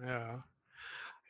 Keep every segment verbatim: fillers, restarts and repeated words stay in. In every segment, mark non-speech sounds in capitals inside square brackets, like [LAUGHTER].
Ja.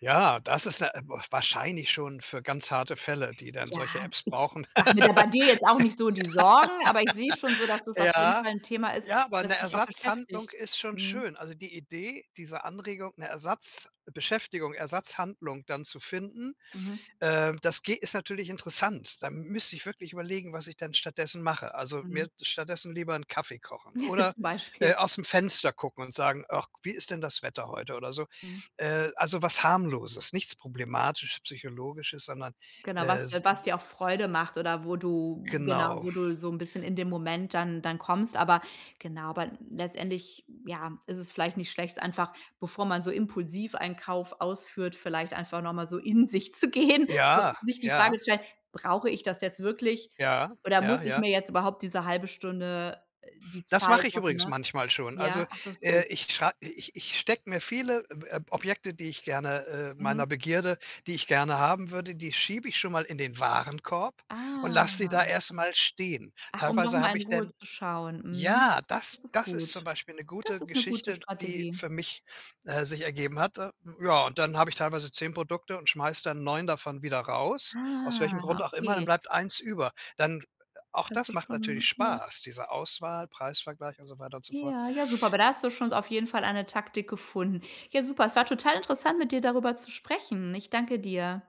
Ja, das ist n äh, b wahrscheinlich schon für ganz harte Fälle, die dann Ja, solche Apps ich brauchen. mache mir da bei dir jetzt auch nicht so die Sorgen, aber ich sehe schon so, [LAUGHS] dass es auf jeden Ja, Fall 'n Thema ist, ja, aber das 'ne dich auch Ersatzhandlung beschäftigt ist schon mhm. schön, also die Idee, diese Anregung, 'ne Ersatzbeschäftigung Ersatzhandlung dann zu finden, Mhm. ähm, das geht ist natürlich interessant, da m müsste ich wirklich überlegen, was ich denn stattdessen mache, also Mhm. mir stattdessen lieber 'n Kaffee kochen [CHUCKLES] oder, Zum äh, Beispiel. aus'm Fenster gucken und sagen: „Ach, wie ist denn das Wetter heute?“ oder so Mhm. äh, also was Harmloses, nichts problematisch Psychologisches, sondern, Genau, äh, was de s was [UNINTELLIGIBLE] dir auch Freude macht oder wo du genau, Genau. wo du so 'n bisschen in dem Moment dann dann kommst, aber genau aber letztendlich, ja, ist es vielleicht nicht schlecht, einfach, bevor man so impulsiv einen Kauf ausführt, vielleicht einfach noch mal so in sich zu gehen, Ja, sich die Frage ja. zu stellen: „Brauche ich das jetzt wirklich Ja, oder ja, muss ich ja. mir jetzt überhaupt diese halbe Stunde die Das mache Zeit ich machen”, übrigens ne? manchmal schon, also, Ja? Ach, das ist gut. äh, ich schrei ich ich stecke mir viele, ähm Ob Objekte, die ich gerne äh, meiner Mhm. Begierde, die ich gerne haben würde, die schiebe ich schon mal in den Warenkorb und lass sie da Ah. erst mal stehen. Ach, um Teilweise habe nochmal in ich Ruhe denn zu schauen, mhm. ja, das Das ist das ist zum gut. Beispiel 'ne Das gute ist 'ne gute Geschichte, die Strategie. für mich, äh, sich ergeben hat, äh, ja, und dann habe ich teilweise zehn Produkte und schmeiße dann neun davon wieder raus aus welchem Grund Ah, auch immer, dann okay. bleibt eins über. Dann auch Hast das du macht natürlich schon ja. Spaß diese Auswahl, Preisvergleich und so weiter und so fort. Ja, ja, super, aber da hast du schon auf jeden Fall eine Taktik gefunden. Ja, super, es war total interessant, mit dir darüber zu sprechen. Ich danke dir.